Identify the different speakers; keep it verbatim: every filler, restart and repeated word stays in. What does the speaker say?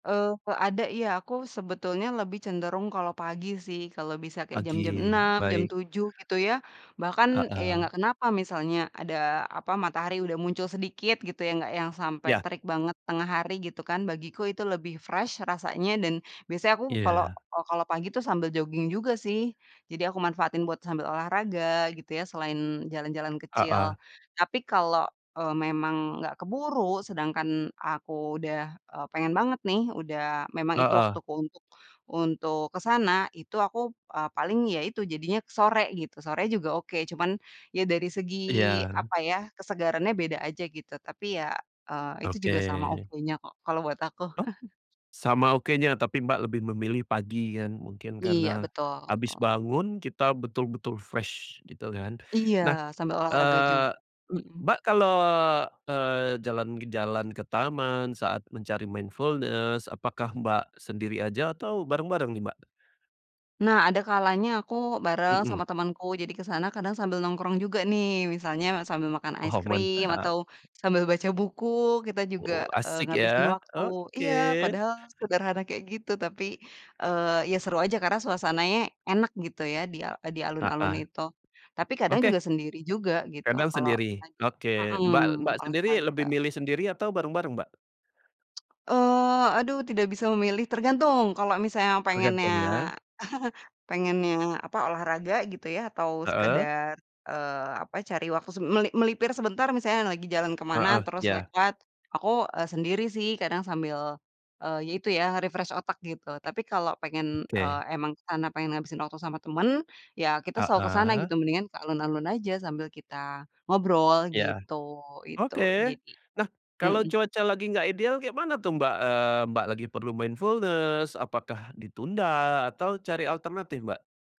Speaker 1: Eee, kok ada ya, aku sebetulnya lebih cenderung kalau pagi sih, kalau bisa kayak jam-jam
Speaker 2: Pagi,
Speaker 1: enam, jam
Speaker 2: baik.
Speaker 1: tujuh gitu ya, bahkan ya
Speaker 2: Heeh.
Speaker 1: enggak kenapa misalnya ada, apa, matahari udah muncul sedikit gitu yang enggak yang sampai
Speaker 2: Ya.
Speaker 1: terik banget tengah hari gitu kan, bagiku itu lebih fresh rasanya dan biasanya aku kalo
Speaker 2: Iya.
Speaker 1: oh, kalo pagi tuh sambil jogging juga sih, jadi aku manfaatin buat sambil olahraga gitu ya selain jalan-jalan kecil.
Speaker 2: Heeh.
Speaker 1: Tapi kalo eee, memang enggak keburu, sedangkan aku udah eee, pengen banget nih, udah memang itu
Speaker 2: Heeh.
Speaker 1: waktuku untuk untuk ke sana, itu aku eee, paling ya itu jadinya ke sore gitu, sore juga oke, cuman, ya dari segi,
Speaker 2: Iya.
Speaker 1: apa ya, kesegarannya beda aja gitu, tapi ya eee, itu
Speaker 2: Oke.
Speaker 1: juga sama okenya kok kalau buat aku.
Speaker 2: Oh? Sama okenya tapi Mbak lebih memilih pagi kan mungkin
Speaker 1: Iya
Speaker 2: karena,
Speaker 1: betul
Speaker 2: habis
Speaker 1: tul.
Speaker 2: bangun kita betul-betul fresh gitu kan.
Speaker 1: Iya,
Speaker 2: Nah,
Speaker 1: sambil olahraga jug.
Speaker 2: eee,
Speaker 1: Hmm.
Speaker 2: Mbak kalau, eee, jalan-kejalan ke taman saat mencari mindfulness apakah Mbak sendiri aja atau bareng-bareng nih Mbak?
Speaker 1: Nah adakalanya aku bareng
Speaker 2: Hmm.
Speaker 1: sama temenku, jadi ke sana kadang sambil nongkrong juga nih, misalnya sambil makan es
Speaker 2: Wow
Speaker 1: krim,
Speaker 2: mantap!
Speaker 1: atau sambil baca buku, eee, kita juga
Speaker 2: Wow, asik
Speaker 1: ngabisin
Speaker 2: ya.
Speaker 1: waktu. Iya,
Speaker 2: Oke.
Speaker 1: padahal sederhana kayak gitu. Tapi, eee, ya seru aja karena suasananya enak gitu ya di al eee, di alun-alun
Speaker 2: Heeh.
Speaker 1: itu. Tapi kadang
Speaker 2: Oke.
Speaker 1: juga sendiri juga gitu,
Speaker 2: Kadang
Speaker 1: kalau
Speaker 2: sendiri?
Speaker 1: lagi
Speaker 2: Oke. Mbak
Speaker 1: mhm,
Speaker 2: Mbak sendiri lebih
Speaker 1: olahraga.
Speaker 2: milih sendiri atau bareng-bareng Mbak?
Speaker 1: Eee, aduh tidak bisa memilih, tergantung kalau misalnya pengennya
Speaker 2: Tergantung ya.
Speaker 1: pengennya apa olahraga gitu ya atau
Speaker 2: Heeh.
Speaker 1: sekedar, eee, apa, cari waktu se me melipir sebentar misalnya lagi jalan ke mana
Speaker 2: Heeh,
Speaker 1: terus
Speaker 2: ya.
Speaker 1: lewat, aku, eee, sendiri sih, kadang sambil, eee, ya itu ya, refresh otak gitu. Tapi kalau pengen, eee,
Speaker 2: Oke.
Speaker 1: emang ke sana, pengen ngabisin waktu sama temen, ya kita
Speaker 2: Ah
Speaker 1: selalu ke sana
Speaker 2: hah.
Speaker 1: gitu, mendingan ke alun-alun aja sambil kita ngobrol
Speaker 2: Ya.
Speaker 1: gitu. Itu,
Speaker 2: Oke.
Speaker 1: jadi.
Speaker 2: Nah, kalau
Speaker 1: Mhm.
Speaker 2: cuaca lagi enggak ideal kayak mana tuh Mbak, eee, Mbak lagi perlu mindfulness, apakah ditunda atau cari alternatif Mbak?